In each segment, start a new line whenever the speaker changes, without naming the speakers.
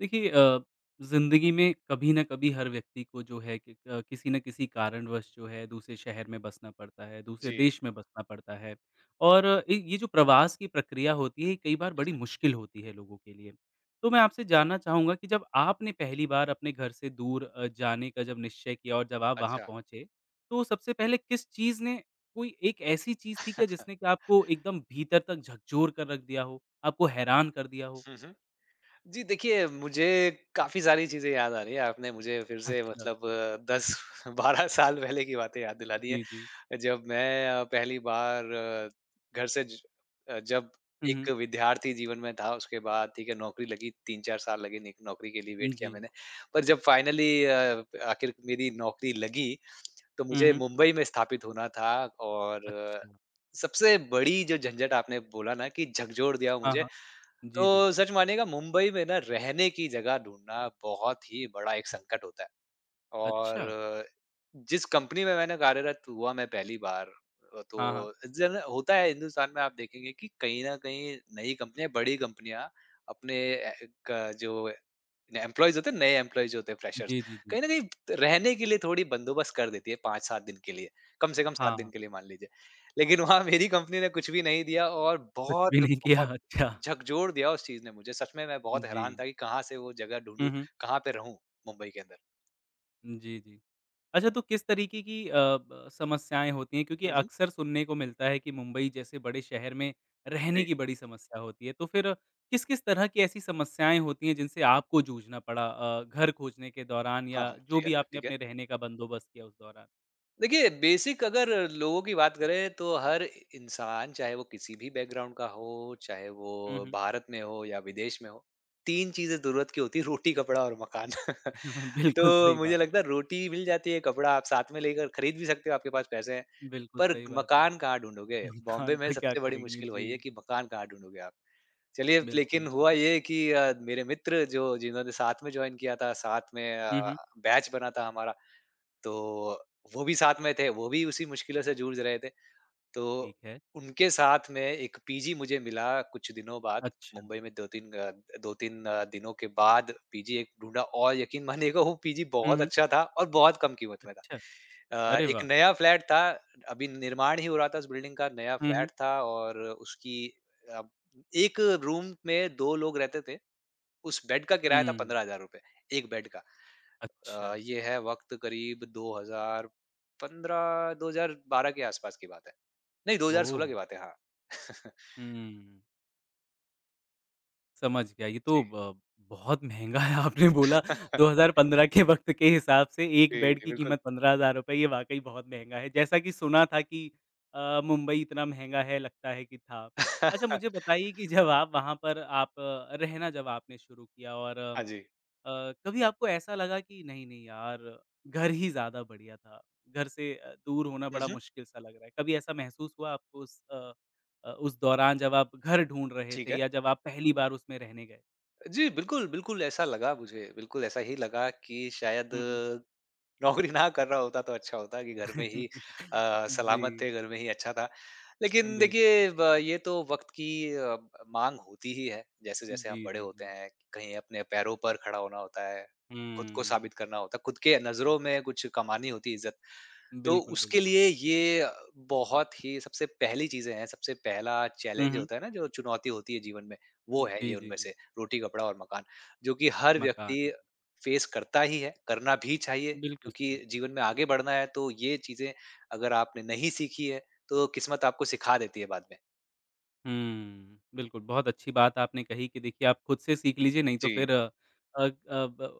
देखिए अ, ज़िंदगी में कभी ना कभी हर व्यक्ति को जो है कि अ, किसी ना किसी कारणवश जो है दूसरे शहर में बसना पड़ता है, दूसरे
जी।
देश में बसना पड़ता है और एक ये जो प्रवास की प्रक्रिया होती है कई बार
हुँ,
बड़ी
हुँ।
मुश्किल होती है लोगों के लिए। तो मैं आपसे जानना चाहूँगा कि जब आपने पहली बार अपने घर से दूर अ, जाने का जब निश्चय किया और जब आप वहाँ
अच्छा।
पहुँचे, तो सबसे पहले किस चीज़ ने कोई एक ऐसी चीज़ थी क्या जिसने कि आपको एकदम भीतर तक झकझोर कर रख दिया हो, आपको हैरान कर दिया हो?
हुँ, हुँ, जी देखिए मुझे काफ़ी सारी चीज़ें याद आ रही है आपने मुझे फिर से
अच्छा।
मतलब अ, 10 12 साल पहले की बातें याद दिला दी
जी, जी।
हैं। जब मैं अ, पहली बार, घर से ज अ, जब
हुँ, हुँ।
एक विद्यार्थी जीवन में था उसके बाद ठीक है नौकरी लगी 3-4 साल लगे निक नौकरी के लिए
उम,
वेट किया
जी।
मैंने, पर जब फाइनली अ, आखिर मेरी नौकरी लगी, तो
हुँ,
मुझे
हुँ।
मुंबई में स्थापित होना था और
अच्छा।
सबसे बड़ी जो झंझट आपने बोला ना कि झकझोर दिया वो
हाँ,
मुझे,
हाँ। जी, जी।
तो सच मानिएगा मुंबई में ना रहने की जगह ढूँढना बहुत ही बड़ा एक संकट होता है।
अच्छा।
और जिस कंपनी में मैंने कार्यरत हुआ मैं पहली बार, अ,
हाँ, हाँ।
तो जन होता है हिंदुस्तान में, आप देखेंगे कि कहीं न कहीं नई कंपनियाँ, बड़ी कंपनियाँ अपने अ, एक, जो ए, न एम्प्लॉइज़ होते हैं, नए एम्प्लॉइज़ जो होते हैं फ्रेशर्स
जी, जी, जी।
कहीं न कहीं रहने के लिए थोड़ी बंदोबस्त कर देती है 5-7 दिन के लिए, कम से कम 7
हाँ।
दिन के लिए मान लीजिए। लेकिन वहाँ मेरी कंपनी ने कुछ भी नहीं दिया और
कुछ भी नहीं किया,
बहुत-बहुत
अच्छा।
झकझोर दिया उस चीज़ ने मुझे, सच में मैं बहुत हैरान
जी।
था कि कहाँ से वो जगह
हुँ,
ढूँढूँ,
हुँ।
कहाँ पे रहूँ मुंबई के अंदर?
उम, जी, जी। अच्छा, तो किस तरीके की अ, ब समस्याएँ होती हैं? क्योंकि
हुँ, हुँ।
अक्सर सुनने को मिलता है कि मुंबई जैसे बड़े शहर में रहने
जी।
की बड़ी समस्या होती है। तो फिर किस-किस तरह की ऐसी समस्याएँ होती हैं, जिनसे आपको जूझना पड़ा अ, घर खोजने के दौरान
हाँ,
या
हाँ,
जो
जी। अ,
भी आपने
ठीक है।
अपने रहने का बंदोबस्त किया उस दौरान?
देखिए, बेसिक अगर लोगों की बात करें, तो हर इ इंसान, चाहे वो किसी भी बैकग्राउंड का हो, चाहे वो
हुँ, हुँ।
भारत में हो या विदेश में हो, 3 चीज़ें द ज़रूरत की होती हैं, रोटी, कपड़ा और मकान। तो
बिल्कुल सही
मुझे
बात।
लगता है, रोटी मिल जाती है, कपड़ा आप साथ में लेकर खरीद भी सकते हैं, आपके पास पैसे हैं।
बिल्कुल
पर
सही बात है।
मकान कहाँ ढूँढोगे? बॉम्बे
खान
में
का क्या
सबसे बड़ी
करेंगे,
मुश्किल वही है
जी।
कि मकान कहाँ ढूँढोगे आप? चलिए, लेकिन
बिल्कुल।
हुआ ये कि अ, मेरे मित्र जो जिन्होंने साथ में जॉइन किया था, साथ में अ,
हुँ, हुँ।
बैच बना था हमारा, तो वो भी साथ में थे, वो भी उसी मुश्किलों से जूझ रहे थे। तो
ठीक है।
उनके साथ में एक पीजी मुझे मिला, कुछ दिनों बाद।
अच्छा।
मुंबई में 2-3 ग अ, 2-3 दिनों के बाद पीजी एक ढूँढा और यकीन मानिएगा, वो पीजी
हुँ,
बहुत
हुँ।
अच्छा था और बहुत कम कीमत में
अच्छा।
था। अ,
अरे,
एक
वाह!
नया फ्लैट था। अभी निर्माण ही हो रहा था इस बिल्डिंग का, नया
हुँ, हुँ।
फ्लैट था और उसकी अ, एक रूम में 2 लोग रहते थे। उस बेड का किराया था
हुँ।
₹15000, एक बेड का। अ,
अच्छा।
ये है वक़्त करीब 2015 2012 के आसपास की बात है। नहीं, 2016 की
ओह!
बात है, हाँ।
हुँ, हुँ। समझ गया ये तो
जी।
ब बहुत महँगा है आपने बोला। 2015 के वक़्त के हिसाब से 1
जी,
बेड
जी
की
बिल्कुल।
कीमत 15 हज़ार रुपए ये वाक़ई बहुत महँगा है। जैसा कि सुना था कि अ, मुंबई इतना महँगा है लगता है कि था। अच्छा, मुझे बताइए कि जब आप वहाँ पर आप रहना जब आपने शुरू किया और अ,
हाँ जी।
कभी आपको ऐसा लगा कि नहीं-नहीं यार घर ही ज़्यादा बढ़िया था, घर से दूर होना
हुँ,
बड़ा
हुँ।
मुश्किल सा लग रहा है। कभी ऐसा महसूस हुआ आपको उस अ अ, उस दौरान जब आप घर ढूँढ रहे
ठीक
थे
है।
या जब आप पहली बार उसमें रहने गए।
जी बिल्कुल, बिल्कुल ऐसा लगा मुझे बिल्कुल ऐसा ही लगा कि शायद
हुँ, हुँ।
नौकरी ना कर रहा होता। तो अच्छा होता कि घर में ही अ,
जी।
सलामत थे घर में ही अच्छा था।
अ,
लेकिन
बिल्क
देखिए ब ये तो वक़्त की अ, माँग होती ही है। जैसे-जैसे हम
जी,
बड़े
जी,
होते
जी।
हैं कहीं अपने पैरों पर खड़ा होना होता है, ख़ुद को
हुँ।
साबित करना होता है, ख़ुद के नज़रों में कुछ कमानी होती है इज़्ज़त। तो
बिल्कुल, बिल्क
उसके लिए ये अ, बहुत ही सबसे पहली चीज़ें हैं सबसे पहला
हुँ,
चैलेंज
हुँ।
होता है ना जो चुनौती होती है जीवन में। वो
उम,
है ये
जी, जी,
उनमें
जी।
से रोटी-कपड़ा और मकान जो कि हर व्यक्ति
मकान।
फ़ेस करता ही है, करना भी चाहिए।
बिल्कुल
क्योंकि
सही।
जीवन में आगे बढ़ना है तो ये चीज़ें अगर आपने नहीं सीखी हैं, तो किस्मत आपको सिखा देती है बाद में।
हम्म, बिल्कुल, बहुत अच्छी बात आपने कही कि देखिए आप ख़ुद से सीख लीजिए नहीं तो
जी।
फ़िर अ अ ब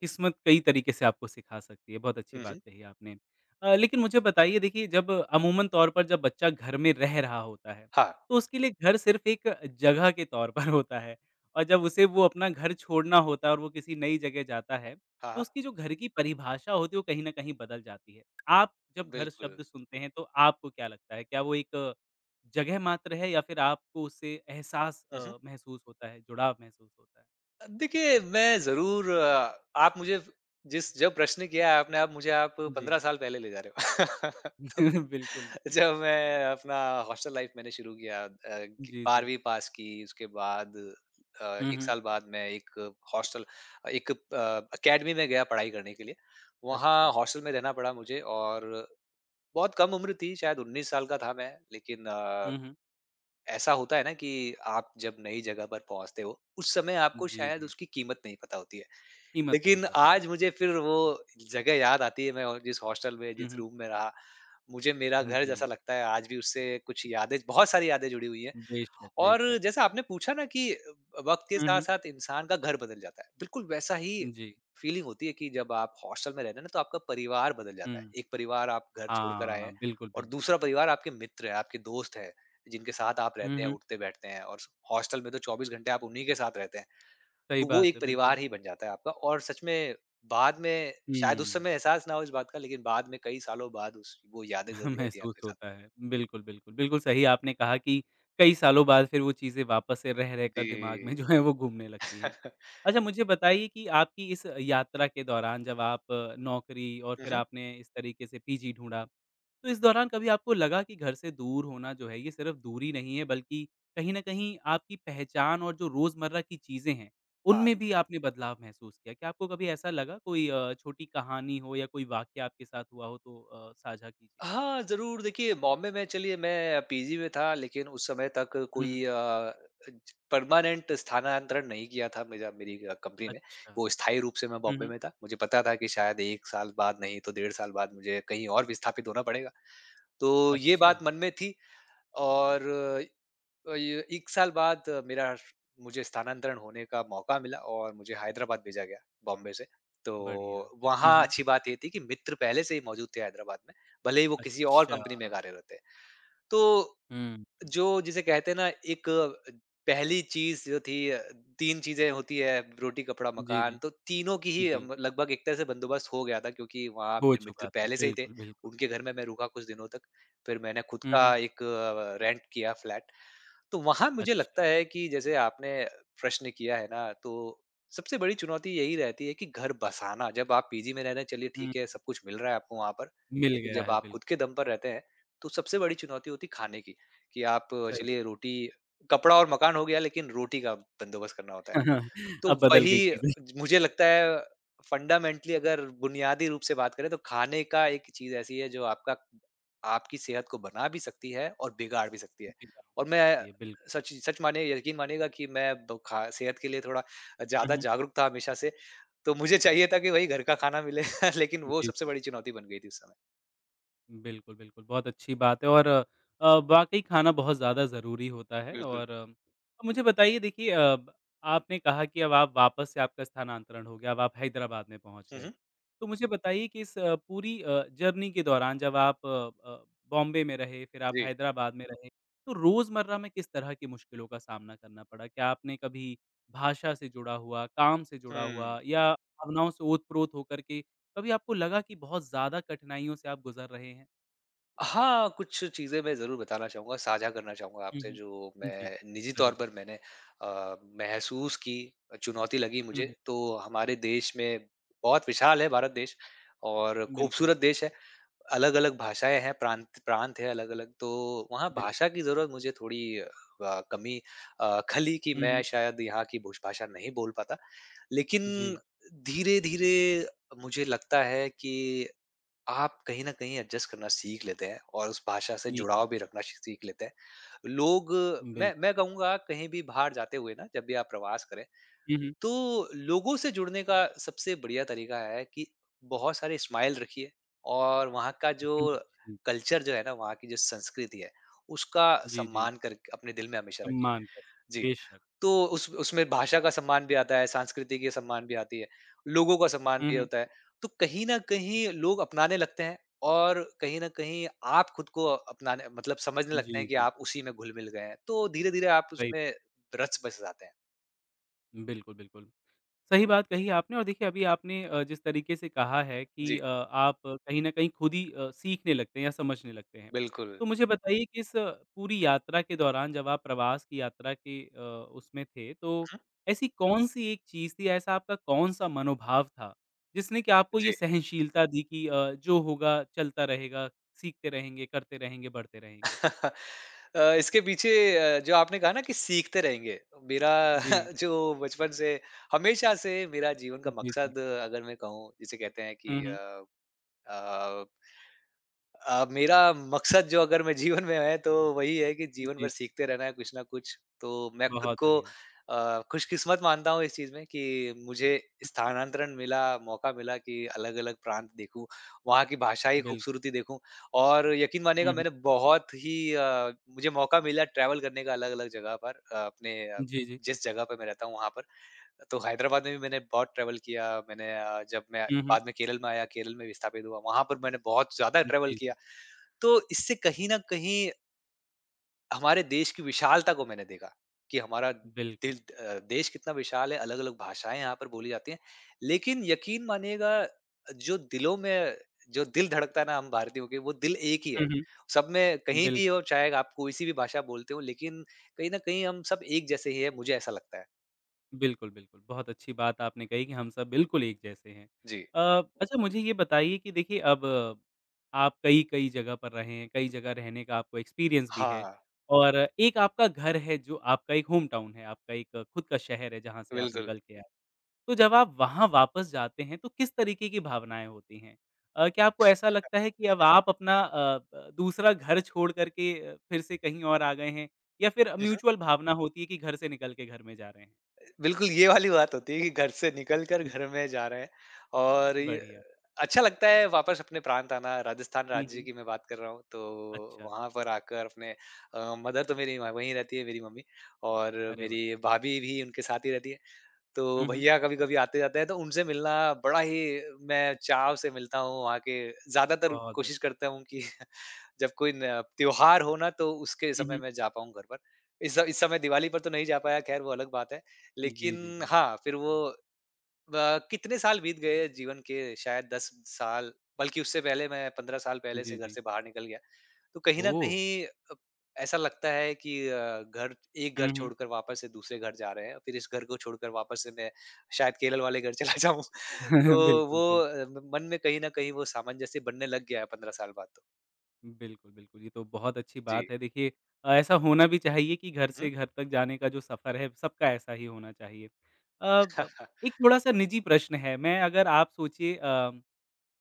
किस्मत कई तरीक़े से आपको सिखा सकती है। बहुत अच्छी
हुँ,
बात
हुँ।
कही आपने अ, लेकिन मुझे बताइए देखिए जब अमूमन तौर पर जब बच्चा घर में रह रहा होता है
हाँ।
तो उसके लिए घर सिर्फ़ एक जगह के तौर पर होता है और जब उसे वो अपना घर छोड़ना होता है और वो किसी नई जगह जाता है
हाँ,
तो
हाँ।
उसकी जो घर की परिभाषा होती है वो कहीं न कहीं बदल जाती है। आप
अ,
जब घर
बिल्कुल।
शब्द सुनते हैं तो आपको क्या लगता है क्या वो एक जगह मात्र है या फिर आपको उसे एहसास
हुँ, हुँ।
अ, महसूस होता है, जुड़ाव महसूस होता है?
अ, देखिए मैं ज़रूर अ, आप मुझे जिस जो प्रश्न किया है आपने, आप मुझे आप
जी।
15 साल पहले ले जा रहे हो।
बिल्कुल।
तो जब मैं अपना हॉस्टल लाइफ़ मैंने शुरू किया अ ग
जी, जी।
12वी पास की उसके बाद अ,
हुँ,
1
हुँ।
साल बाद मैं एक हॉस्टल अ, एक अ, अकेडमी में गया पढ़ाई करने के लिए। वहाँ
अच्छा।
हॉस्टल में रहना पड़ा मुझे और बहुत कम उम्र थी शायद 19 साल का था मैं लेकिन अ,
हुँ, हुँ।
ऐसा होता है ना कि आप जब नई जगह पर पहुँचते हो उस समय आपको
जी,
शायद
जी।
उसकी कीमत नहीं पता होती है।
कीमत नहीं
लेकिन
पता
आज
होती है,
मुझे
बिल
फ़िर वो जगह याद आती है मैं ओ जिस हॉस्टल में
हुँ,
जिस
हुँ।
रूम में रहा। मुझे मेरा
हुँ,
घर जैसा
जी।
लगता है आज भी उससे कुछ यादें बहुत सारी यादें जुड़ी हुई हैं
बेशक,
और
बेशक।
जैसा आपने पूछा ना कि अ, वक़्त के
हुँ, हुँ।
साथ-साथ इंसान का घर बदल जाता है, बिल्कुल वैसा ही
उम, जी।
फीलिंग होती है कि जब आप हॉस्टल में रहते ना तो आपका परिवार बदल जाता है।
हुँ,
1 परिवार आप घर छोड़कर आए
हाँ,
हैं
बिल्कुल,
और
बिल
दूसरा परिवार आपके मित्र है, आपके दोस्त हैं, जिनके साथ आप
हुँ,
रहते हैं,
हुँ।
उठते-बैठते हैं और स हॉस्टल में तो 24 घंटे आप उन्हीं के साथ रहते हैं।
सही
तो वो
बात है,
एक
बिल्कुल।
परिवार ही बन जाता है आपका और सच में बाद में शायद उस
हुँ।
समय एहसास ना हो इस बात का लेकिन बाद में कई सालों बाद उस वो यादें ज़रूर रहती हैं
महसूस
आपके साथ।
होता है। बिल्कुल, बिल्कुल। बिल्कुल सही आपने कहा कि कई सालों बाद फ़िर वो चीज़ें वापस से रह-रह कर दिमाग़ में
जी।
जो है वो घूमने लगती हैं। अच्छा, मुझे बताइए कि आपकी इस यात्रा के दौरान जब आप नौकरी और
हुँ,
फ़िर
हुँ।
आपने इस तरीक़े से पीजी ढूँढा तो इस दौरान कभी आपको लगा कि घर से दूर होना जो है ये सिर्फ़ दूरी नहीं है बल्कि कहीं न कहीं आपकी पहचान और जो रोज़मर्रा की चीज़ें हैं।
हाँ।
उनमें भी आपने बदलाव महसूस किया, क्या आपको कभी ऐसा लगा कोई अ, छोटी कहानी हो या कोई वाक़या आपके साथ हुआ हो तो अ, साझा कीजिए?
हाँ, ज़रूर देखिए बॉम्बे में चलिए मैं पीजी में था लेकिन उस समय तक
हुँ, हुँ।
कोई अ अज परमानेंट स्थानांतरण नहीं किया था मिजा मेरी अ, कंपनी ने
अच्छा,
वो स्थायी रूप से मैं
हुँ,
बॉम्बे
हुँ।
में था मुझे पता था कि शायद 1 साल बाद नहीं तो डेढ़ साल बाद मुझे कहीं और विस्थापित होना पड़ेगा। तो ये
अच्छा।
बात मन में थी और ए अ, य 1 साल बाद मेरा मुझे स्थानांतरण होने का मौका मिला और मुझे हैदराबाद भेजा गया बॉम्बे से। तो
बढ़िया, हुँ,
वहाँ
हुँ।
अच्छी बात ये थी कि मित्र पहले से ही मौजूद थे हैदराबाद में भले ही वो किसी और कंपनी में
अच्छा।
कार्यरत थे तो
हुँ, हुँ।
जो जिसे कहते हैं ना एक पहली चीज़ जो थी अ, 3 चीज़ें होती हैं रोटी कपड़ा
जी,
मकान
जी।
तो तीनों की ही
जी।
अम, लगभग एक तरह से बंदोबस्त हो गया था क्योंकि वहाँ
हो
अपने मित्र
चुका था,
पहले से ही थे
बिल्कुल, बिल्कुल।
उनके घर में मैं रुका कुछ दिनों तक। फिर मैंने ख़ुद
हुँ, हुँ।
का एक अ, रेंट किया फ्लैट। तो वहाँ मुझे
अच्छा।
लगता है कि जैसे आपने प्रश्न किया है ना तो सबसे बड़ी चुनौती यही रहती है कि घर बसाना, जब आप पीजी में रह रहे चलिए
हुँ, हुँ।
ठीक है सब कुछ मिल रहा है आपको वहाँ पर
मिल
लेकिन
गया
जब
है,
आप ख़ुद
बिल्कुल।
के दम पर रहते हैं। तो सबसे बड़ी चुनौती होती खाने की कि आप
सही।
चलिए रोटी, कपड़ा और मकान हो गया लेकिन रोटी का बंदोबस्त करना होता है। तो
अब बदल गई
वही अ,
चीज़ें।
ज मुझे लगता है फंडामेंटली अगर बुनियादी रूप से बात करें तो खाने का एक चीज़ ऐसी है जो आपका आपकी सेहत को बना भी सकती है और बिगाड़ भी सकती है
जी हाँ,
और
हो
मैं
सकती है, बिल्क
सच इ सच मानिए य यकीन मानिएगा कि मैं वो खा सेहत के लिए थोड़ा अ,
हुँ,
ज़्यादा
हुँ।
जागरूक था हमेशा से। तो मुझे चाहिए था कि वही घर का खाना मिले लेकिन
जी,
वो सबसे
जी।
बड़ी चुनौती बन गई थी उस समय।
बिल्कुल, बिल्कुल। बहुत अच्छी बात है, और अ, वाक़ई खाना बहुत ज़्यादा ज़रूरी होता है
बिल्कुल।
और मुझे बताइए देखिए अ, ब आपने कहा कि अब आप वापस से आपका स्थानांतरण हो गया अब आप हैदराबाद में पहुँच
हुँ,
गए।
हुँ।
तो मुझे बताइए कि इस अ, पूरी अ, जर्नी के दौरान जब आप अ, बॉम्बे में रहे फिर आप
जी।
हैदराबाद में रहे, तो रोज़मर्रा में किस तरह के मुश्किलों का सामना करना पड़ा? क्या आपने कभी भाषा से जुड़ा हुआ, काम से जुड़ा
हुँ।
हुआ या भावनाओं से ओत-प्रोत होकर के कभी आपको लगा कि बहुत ज़्यादा कठिनाइयों से आप गुज़र रहे हैं?
हाँ, कुछ चीज़ें मैं ज़रूर बताना चाहूँगा साझा करना चाहूँगा,
हुँ,
आपसे
हुँ।
जो
उम, जी।
मैं निजी तौर
ज़रूर।
पर मैंने अ, महसूस की अ, चुनौती लगी
हुँ,
मुझे
हुँ।
तो हमारे देश में बहुत विशाल है भारत देश और
बिल्कुल।
खूबसूरत देश है। अलग-अलग भाषाएँ हैं प्रांत प्रांत है अलग-अलग, तो वहाँ
बिल्कुल।
भाषा की ज़रूरत मुझे थोड़ी अ, ब कमी अ, खली कि
हुँ,
मैं
हुँ।
शायद यहाँ की भूष भाषा नहीं बोल पाता। लेकिन
जी।
धीरे-धीरे अ अ, मुझे लगता है कि आप कहीं न कहीं एडजस्ट करना सीख लेते हैं और उस भाषा से
जी,
जुड़ाव भी
क्ले
रखना श सीख लेते हैं। लोग मैं
बिल्कुल।
मैं कहूँगा कहीं भी बाहर जाते हुए ना जब भी आप प्रवास करें,
हुँ, हुँ।
तो लोगों से जुड़ने का सबसे बढ़िया तरीका है कि बहुत सारे स्माइल रखिए और वहाँ का
हुँ,
जो
हुँ। जी।
कल्चर जो है ना, वहाँ की जो संस्कृति है। उसका
जी, जी।
सम्मान करके अपने दिल में हमेशा रखिए।
सम्मान क
जी,
बेशक।
तो उस उसमें भाषा का सम्मान भी आता है, सांस्कृति कि सम्मान भी आती है, लोगों का सम्मान
हुँ,
भी ये
हुँ।
होता है। तो कहीं न कहीं लोग अपनाने लगते हैं और कहीं न कहीं आप खुद को अपनाने मतलब समझने लगते
जी,
हैं कि
जी।
आप उसी में घुल-मिल गए हैं, तो धीरे-धीरे आप
सही
उसमें रच बस जाते हैं।
बिल्कुल, बिल्कुल। सही बात कही आपने और देखिए अभी आपने अ, जिस तरीके से कहा है कि
जी।
अ, आप कहीं न कहीं खुद ही अ, सीखने लगते हैं या समझने लगते हैं।
बिल्कुल।
तो मुझे बताइए कि इस पूरी यात्रा के दौरान जब आप प्रवास की यात्रा के अ, उसमें थे। तो
हुँ।
ऐसी कौन-सी एक चीज़ थी ऐसा आपका कौन-सा मनोभाव था? जिसने की आपको ये
जी।
सहनशीलता दी कि अ, जो होगा चलता रहेगा, सीखते रहेंगे, करते रहेंगे, बढ़ते रहेंगे?
अ, इसके पीछे अ, जो आपने कहा ना कि सीखते रहेंगे। मेरा
जी।
जो बचपन से हमेशा से मेरा जीवन का
जी, जी।
मकसद अगर मैं कहूँ, जिसे कहते हैं कि
हुँ, हुँ।
अ अ अ, मेरा मकसद जो अगर मैं जीवन में है तो वही है कि जीवन
जी।
भर सीखते रहना है कुछ न कुछ। तो मैं खुद
बहुत
को
बढ़िया।
अ, खुशकिस्मत मानता हूँ इस चीज़ में कि मुझे स्थानांतरण मिला, मौका मिला कि अलग-अलग प्रांत देखूँ, वहाँ की भाषा ही
बिल्क
खूबसूरती देखूँ। और यकीन
हुँ,
मानिएगा
हुँ।
मैंने बहुत ही अ, मुझे मौका मिला ट्रैवल करने का अलग-अलग जगह पर अ, अपने अ,
जी, जी।
जिस जगह पे मैं रहता हूँ वहाँ पर। तो हैदराबाद में भी मैंने बहुत ट्रैवल किया मैंने अ, जब मैं
हुँ, हुँ।
बाद में केरल में आया केरल में विस्थापित हुआ। वहाँ पर मैंने बहुत ज़्यादा ट्रैवल
जी,
किया।
जी।
तो इससे कहीं न कहीं हमारे देश की विशालता को मैंने देखा। कि हमारा
बिल्कुल।
दिल अ, देश कितना विशाल है अलग-अलग भाषाएँ यहाँ पर बोली जाती हैं। लेकिन यकीन मानिएगा अ, जो दिलों में जो दिल धड़कता है ना हम भारतीयों के वो दिल एक ही है।
हुँ, हुँ।
सब में कहीं भी
बिल्कुल।
और चाहे आप कोई सी भी भाषा बोलते हो लेकिन कहीं न कहीं हम सब एक जैसे ही हैं मुझे ऐसा लगता है।
बिल्कुल, बिल्कुल। बहुत अच्छी बात आपने कही कि हम सब बिल्कुल एक जैसे हैं।
जी।
अ, अच्छा मुझे ये बताइए कि देखिए अब आप कई-कई जगह पर रहे हैं, कई जगह रहने का आपको एक्सपीरियंस भी है।
हाँ।
और एक आपका घर है जो आपका एक होम टाउन है, आपका एक खुद का शहर है जहाँ से आप
बिल्कुल।
निकल के आए। तो जब आप वहाँ वापस जाते हैं तो किस तरीके की भावनाएँ होती हैं? अ, क्या आपको ऐसा लगता है कि अब आप अपना अ ब दूसरा घर छोड़ कर के अ, फिर से कहीं और आ गए हैं? या फिर
उहुँ।
म्यूचुअल भावना होती है कि घर से निकल के घर में जा रहे हैं?
बिल्कुल ये वाली बात होती है कि घर से निकल कर घर में जा रहे हैं और ये
बढ़िया।
अच्छा लगता है वापस अपने प्रांत आना राजस्थान
हुँ,
राज्य
हुँ।
की मैं बात कर रहा हूँ तो
अच्छा।
वहाँ पर आकर अपने अ, मदर तो मेरी व वही रहती है मेरी मम्मी और
अरे वाह!
मेरी भाभी भी उनके साथ ही रहती है। तो
हुँ, हुँ।
भईया कभी-कभी आते जाते हैं तो उनसे मिलना बड़ा ही मैं चाव से मिलता हूँ वहाँ के ज़्यादातर
बहुत बढ़िया।
कोशिश करता हूँ कि जब कोई न त्योहार हो ना तो उसके
हुँ,
समय
हुँ।
मैं जा पाऊँ घर पर। इस स इस समय दिवाली पर तो नहीं जा पाया खैर वो अलग बात है।
उम, जी, जी,
लेकिन
जी।
हाँ, फिर वो, ब कितने साल बीत गए हैं जीवन के शायद 10 साल बल्कि उससे पहले मैं 15 साल पहले से
जी,
घर
जी।
से बाहर निकल गया। तो कहीं न
ओह!
कहीं अ, ऐसा लगता है कि अ, घर एक घर
हुँ, हुँ।
छोड़कर वापस से दूसरे घर जा रहे हैं और फिर इस घर को छोड़कर वापस से मैं शायद केरल वाले घर चला जाऊँ। तो
बिल्कुल,
वो
बिल्कुल।
अ, म मन में कहीं न कहीं वो सामंजस्य जैसे बनने लग गया है 15 साल बाद।
उम, बिल्कुल, बिल्कुल ये तो बहुत अच्छी
जी।
बात है। देखिए अ, ऐसा होना भी चाहिए कि घर
हुँ,
से
हुँ।
घर तक जाने का जो सफ़र है, सबका ऐसा ही होना चाहिए। अ, ब एक थोड़ा-सा निजी प्रश्न है, मैं अगर आप सोचिए अम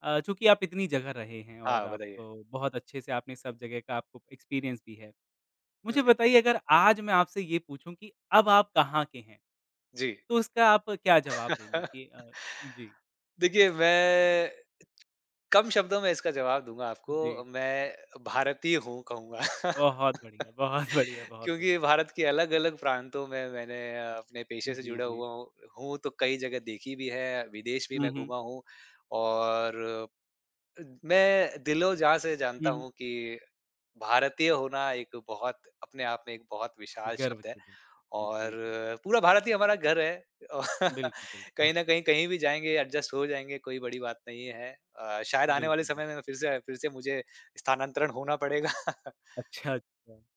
अ, चूँकि आप इतनी जगह रहे हैं और
हाँ,
आपको
बताइए?
बहुत अच्छे से आपने सब जगह का आपको एक्सपीरियंस भी है।
हुँ,
मुझे
हुँ।
बताइए अगर आज मैं आपसे ये पूछूँ कि अब आप कहाँ के हैं?
जी।
तो उसका आप क्या जवाब देंगे कि अ, हुँ, जी।
देखिए मैं कम शब्दों में इसका जवाब दूँगा
उ,
आपको,
जी।
मैं भारतीय हूँ कहूँगा।
बहुत बढ़िया, बहुत बढ़िया। बहुत
क्योंकि भारत के अलग-अलग प्रांतों में मैंने अपने पेशे
हुँ,
से
जी,
जुड़ा
जी।
हुआ अ, हूँ तो कई जगह देखी भी है, विदेश भी
हुँ,
मैं
हुँ।
घूमा हूँ। और अ, मैं दिल ओ जान से
हुँ,
जानता
हुँ।
हूँ कि भारतीय होना एक बहुत अपने आप में एक बहुत विशाल
गर्व
शब्द है
की बात।
और
जी, जी।
पूरा भारत ही हमारा घर है। अ,
बिल्क
कहीं न
[unintelligible]
कहीं कहीं भी जाएँगे एडजस्ट हो जाएँगे कोई बड़ी बात नहीं है। अ, शायद आने वाले
बिल्कुल, बिल्क
समय में फ़िर से फ़िर से मुझे स्थानांतरण होना पड़ेगा।
अच्छा, अच्छा।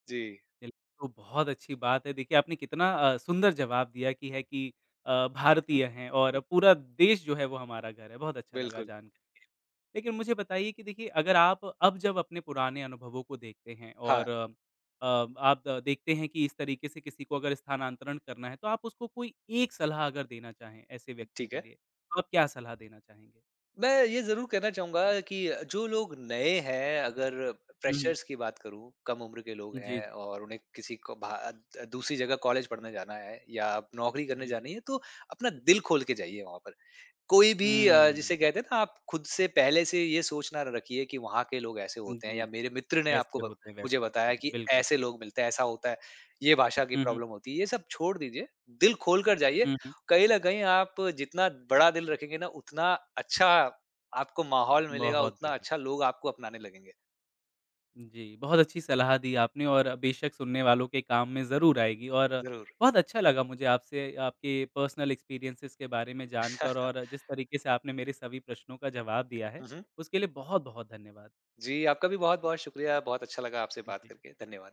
जी।
बिल्क तो बहुत अच्छी बात है। देखिए आपने कितना अ, सुंदर जवाब दिया कि ये है कि अ,
हुँ।
भारतीय हैं और पूरा देश जो है वो हमारा घर है, बहुत अच्छा लगा
बिल्कुल।
जानकर के। लेकिन मुझे बताइए कि देखिए अगर आप अब जब अपने पुराने अनुभवों को देखते हैं
हाँ।
और अ, आप देखते हैं कि इस तरीके से किसी को अगर स्थानांतरण करना है। तो आप उसको कोई एक सलाह अगर देना चाहें ऐसे व्यक्ति
ठीक
के
है।
लिए, तो आप क्या सलाह देना चाहेंगे?
मैं ये ज़रूर कहना चाहूँगा कि जो लोग नए हैं अगर
हुँ, हुँ।
फ्रेशर्स की बात करूँ, कम उम्र के लोग
जी,
हैं
जी।
और उन्हें किसी को भात दूसरी जगह कॉलेज पढ़ने जाना है या नौकरी
उ,
करने
जी।
जानी है। तो अपना दिल खोल के जाइए वहाँ पर कोई भी अ,
हुँ।
जिसे कहते हैं ना आप खुद से पहले से ये सोच ना र रखिए कि वहाँ के लोग ऐसे
हुँ,
होते हैं
जी,
या
जी।
मेरे मित्र ने
ऐसे
आपको ब
होते हैं, वैसे
मुझे
होते
बताया
हैं।
कि
बिल्कुल।
ऐसे लोग मिलते हैं, ऐसा होता है। ये भाषा की
हुँ, हुँ।
प्रॉब्लम होती है, ये सब छोड़ दीजिए दिल खोल कर जाइए।
हुँ, हुँ।
कहीं ल कहीं आप जितना बड़ा दिल रखेंगे ना उतना अच्छा आपको माहौल मिलेगा,
बहुत
उतना
बढ़िया।
अच्छा लोग आपको अपनाने लगेंगे।
उम, जी, बहुत अच्छी सलाह दी आपने और बेशक सुनने वालों के काम में ज़रूर आएगी। और
ज़रूर।
बहुत अच्छा लगा मुझे आपसे आपके पर्सनल एक्सपीरियंसेज़ के बारे में जानकर। और जिस तरीके से आपने मेरे सभी प्रश्नों का जवाब दिया है,
हुँ, हुँ।
उसके लिए बहुत-बहुत धन्यवाद।
जी, आपका भी बहुत-बहुत शुक्रिया। बहुत अच्छा लगा आपसे
हुँ,
बात
जी।
करके, धन्यवाद।